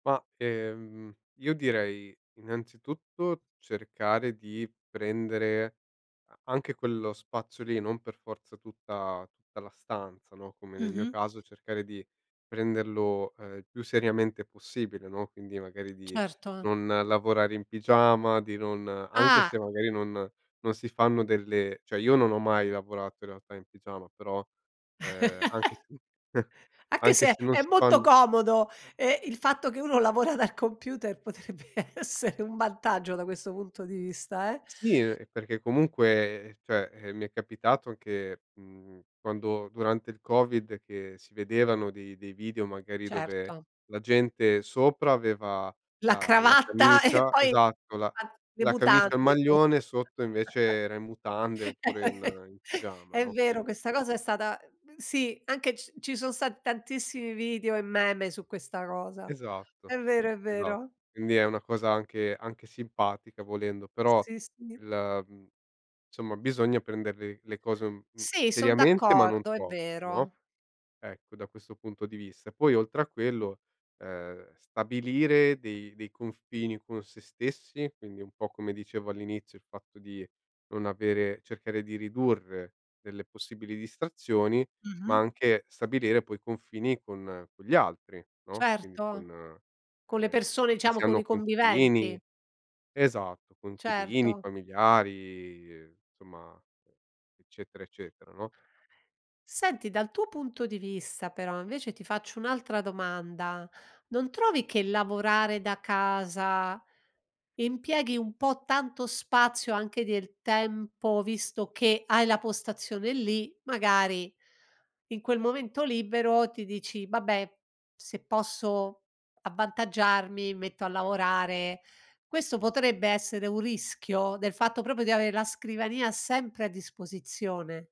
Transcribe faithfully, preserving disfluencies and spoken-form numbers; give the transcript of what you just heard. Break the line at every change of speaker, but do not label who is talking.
Ma, ehm, io direi innanzitutto cercare di prendere a anche quello spazio lì, non per forza tutta tutta la stanza, no, come nel mio
Mh-mh.
caso cercare di prenderlo, ehm, il più seriamente possibile, no, quindi magari di
Certo.
non lavorare in pigiama, di non anche
Ah!
se magari non non si fanno delle cioè io non ho mai lavorato in realtà in pigiama, però, ehm, anche se
Anche
anche se
se
non
è
si
molto
fanno
comodo, ehm, il fatto che uno lavora dal computer potrebbe essere un vantaggio da questo punto di vista, eh?
Sì, ehm, perché comunque cioè, eh, mi è capitato anche mhmm, quando durante il covid che si vedevano di dei video magari dove
Certo.
la gente sopra aveva
La
la la
cravatta e
camicia
poi
esatto la
[unintelligible] le
la camicia e il
mutande sotto.
maglione, sotto invece era in mutande oppure in in pigiama,
È
no,
vero,
quindi
questa cosa è stata uhm, sì, anche c ci sono stati tantissimi video e meme su questa cosa.
Esatto,
È vero, è
esa
vero.
quindi è una cosa anche anche simpatica volendo, però
Sì, sì.
il mhmm, nsomma bisogna prendere l le cose un
Sì, son
seriamente ma non
d'accordo, è
troppo, no,
vero.
ecco, da questo punto di vista. Poi oltre a quello, ehm, stabilire dei dei confini con sé stessi, quindi un po' come dicevo all'inizio il fatto di non avere cercare di ridurre delle possibili distrazioni, ma
Mh-mh.
anche stabilire poi confini con con gli altri, no, quindi
Certo,
con
con le
ehm,
persone
quando
diciamo
si
con i
hanno
conviventi.
coinquilini esatto coinquilini,
Certo.
familiari, nsomma eccetera eccetera, no?
Senti dal tuo punto di vista però invece ti faccio un'altra domanda, non trovi che lavorare da casa, impieghi un po' tanto spazio anche del tempo visto che hai la postazione lì, magari in quel momento libero ti dici: "Vabbè se posso avvantaggiarmi mi metto a lavorare" questo potrebbe essere un rischio, del fatto proprio di avere la scrivania sempre a disposizione?